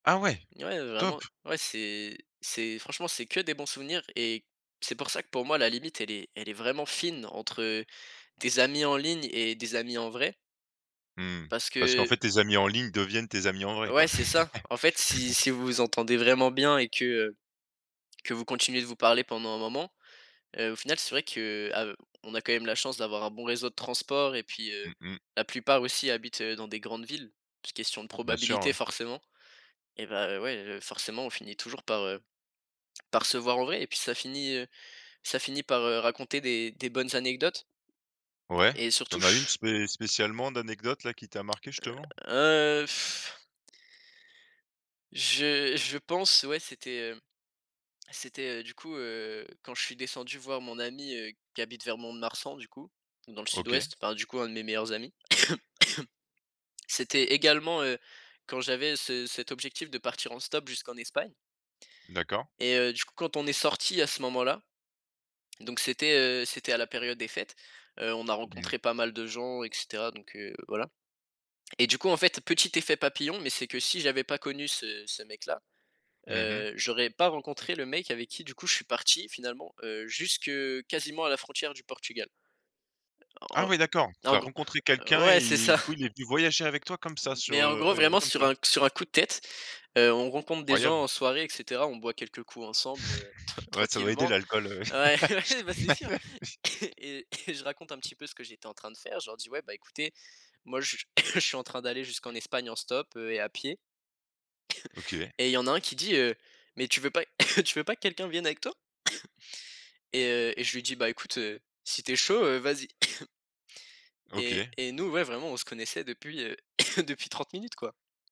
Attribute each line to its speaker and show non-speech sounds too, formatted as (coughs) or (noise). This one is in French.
Speaker 1: Ah ouais,
Speaker 2: Ouais,
Speaker 1: top!
Speaker 2: vraiment. Ouais, c'est c'est franchement, c'est que des bons souvenirs et c'est pour ça que, pour moi, la limite, elle est elle est vraiment fine entre tes amis en ligne et des amis en vrai
Speaker 1: Mmh,
Speaker 2: parce
Speaker 1: parce qu'en
Speaker 2: que
Speaker 1: fait, tes amis en ligne deviennent tes amis en vrai,
Speaker 2: Ouais,
Speaker 1: quoi.
Speaker 2: c'est ça. En fait, si
Speaker 1: (chuckles)
Speaker 2: si vous vous entendez vraiment bien et que, heu, que vous continuez de vous parler pendant un moment, heu, au final, c'est vrai que, a heu, on a quand même la chance d'avoir un bon réseau de transport et puis heu,
Speaker 1: Mmh mh.
Speaker 2: la plupart aussi habitent, heu, dans des grandes villes, question de
Speaker 1: Bien sûr,
Speaker 2: probabilité,
Speaker 1: ouais.
Speaker 2: forcément et ben, ouais, heu, forcément, on finit toujours par, heu, par se voir en vrai et puis ça finit, heu, ça finit par, heu, raconter des des bonnes anecdotes
Speaker 1: Ouais,
Speaker 2: et
Speaker 1: tu
Speaker 2: surtout
Speaker 1: en as une,
Speaker 2: ch
Speaker 1: spé spécialement, d'anecdote-là qui t'a marqué justement?
Speaker 2: Heu heu (blows air) je je pense, ouais, c'était, hem, c'était, heu, du coup, heu, quand je suis descendu voir mon ami, heu, qui habite vers Mont‑de‑Marsan, du coup, dans le
Speaker 1: OK.
Speaker 2: sud-ouest, par, du coup, 1 de mes meilleurs amis. (coughs) C'était également, heu, quand j'avais ce cet objectif de partir en stop jusqu'en Espagne
Speaker 1: D'accord.
Speaker 2: et heu, du coup, quand on est sortis à ce moment-là, donc c'était, heu, c'était à la période des fêtes, heu, on a
Speaker 1: Mmh.
Speaker 2: rencontré pas mal de gens et cetera donc heu, voilà et du coup, en fait, petit effet papillon mais c'est que si j'avais pas connu ce ce mec-là,
Speaker 1: Mmh mh.
Speaker 2: heu, j'aurais pas rencontré le mec avec qui, du coup, je suis parti finalement, heu, jusque, quasiment, à la frontière du Portugal.
Speaker 1: Ah
Speaker 2: En
Speaker 1: ouais, d'accord,
Speaker 2: en
Speaker 1: tu
Speaker 2: en
Speaker 1: as
Speaker 2: gr
Speaker 1: rencontré quelqu'un
Speaker 2: ouais, c'est
Speaker 1: et
Speaker 2: ça.
Speaker 1: du coup, il est venu voyager avec toi comme ça sur,
Speaker 2: Mais en
Speaker 1: heu,
Speaker 2: gros,
Speaker 1: ah oui,
Speaker 2: vraiment,
Speaker 1: comme
Speaker 2: sur
Speaker 1: ça?
Speaker 2: un sur un coup de tête, heu, on rencontre des
Speaker 1: Croyable.
Speaker 2: gens en soirée et cetera. On boit quelques coups ensemble (chuckles) tr
Speaker 1: (chuckles) Ouais, ça doit aider,
Speaker 2: tranquillement.
Speaker 1: l'alcool, ouais, ouais.
Speaker 2: Ouais, ben ouais, ben, c'est sûr. (coughs)
Speaker 1: (laughs)
Speaker 2: Et (coughs) et je raconte un petit peu ce que j'étais en train de faire, je leur dis: «Ouais, bah, écoutez, moi je (coughs) je suis en train d'aller jusqu'en Espagne en stop, heu, et à pied». (coughs)
Speaker 1: OK.
Speaker 2: Et il y a un qui dit, heu: «Mais tu veux pas (coughs) tu veux pas que quelqu'un vienne avec toi?» (coughs) Et heu et je lui dis: «Bah, écoute, heu, si tu es chaud, heu, vas-y» (coughs) et
Speaker 1: OK.
Speaker 2: et nous, ouais, vraiment, on se connaissait depuis, heu, (coughs) depuis 30 minutes, quoi.